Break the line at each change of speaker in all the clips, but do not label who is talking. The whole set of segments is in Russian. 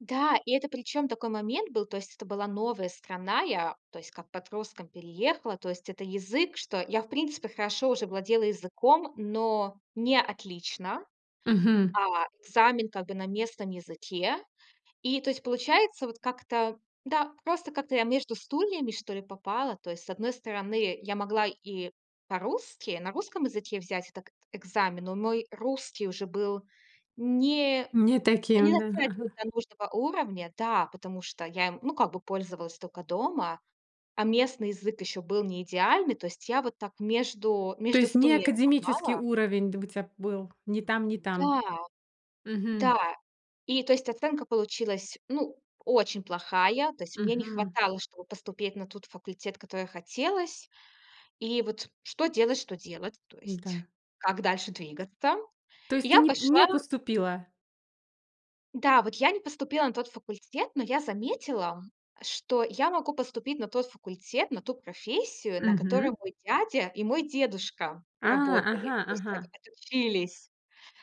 Да, и это, причём, такой момент был. То есть это была новая страна. Я, то есть, как подростком переехала. То есть это язык, что я, в принципе, хорошо уже владела языком, но не отлично.
Мгм.
А экзамен, как бы, на местном языке. И, то есть, получается, вот как-то да, просто как-то я между стульями, что ли, попала. То есть, с одной стороны, я могла и по-русски, на русском языке взять так экзамен. Но мой русский уже был не
Не
ну, не
таким, да,.
дотягивал до нужного уровня. Да, потому что я им, ну, как бы, пользовалась только дома. А местный язык ещё был не идеальный. То есть я вот так между
То
между
есть не
стульями
академический
попала.
уровень, д у тебя был ни там, ни там.
Да,
Мгм.
да, и, то есть, оценка получилась ну очень плохая. То есть мне не
Мгм.
хватало, чтобы поступить на тот факультет, который хотелось. И вот что делать что делать. То есть
Н-да.
как дальше двигаться.
То есть ты
Я
не
пошла
не поступила?
Да, вот я не поступила на тот факультет. Но я заметила, что я могу поступить на тот факультет на ту профессию, на
Мгм.
которой мой дядя и мой дедушка
А,
работали.
ага
То есть от
ага.
отучились.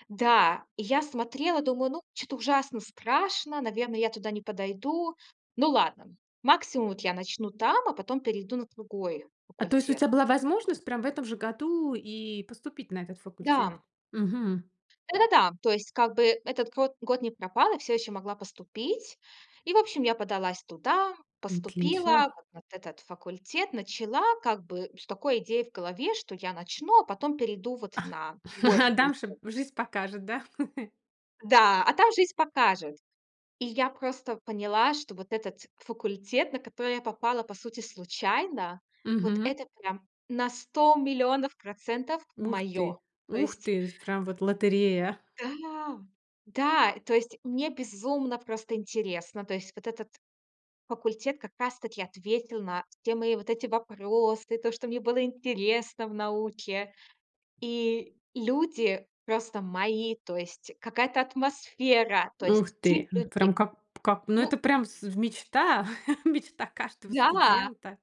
Да, и я смотрела, думаю: "Ну, чё-то ужасно страшно. Наверное, я туда не подойду". Ну ладно, максимум вот я начну там, а потом перейду на другой
А, то есть у
факультет.
тебя была возможность прям в этом же году и поступить на этот факультет?
Да.
Мгм.
Да-да-да. То есть, как бы этот год год не пропал, я всё еще могла поступить. И, в общем, я подалась туда,
Отлично.
поступила на этот факультет. Начала как бы с такой идеей в голове, что я начну, а потом перейду вот
Ах,
на другой
а
факультет.
дальше жизнь покажет, да?
Да, а там жизнь покажет. И я просто поняла, что вот этот факультет, на который я попала, по сути, случайно, вот
Мгм.
это прям на 100000000 процентов
Ух
моё.
ты
То
ух
есть
ты, прям вот лотерея.
Да да, то есть мне безумно просто интересно. То есть вот этот факультет как раз-таки ответил на все мои вот эти вопросы, то, что мне было интересно в науке. И люди просто мои. То есть какая-то атмосфера. То
Ух
есть тип
ты, прям
людей,
как как, ну,
ну
это прям с мечта мечта каждого
Да!
студента.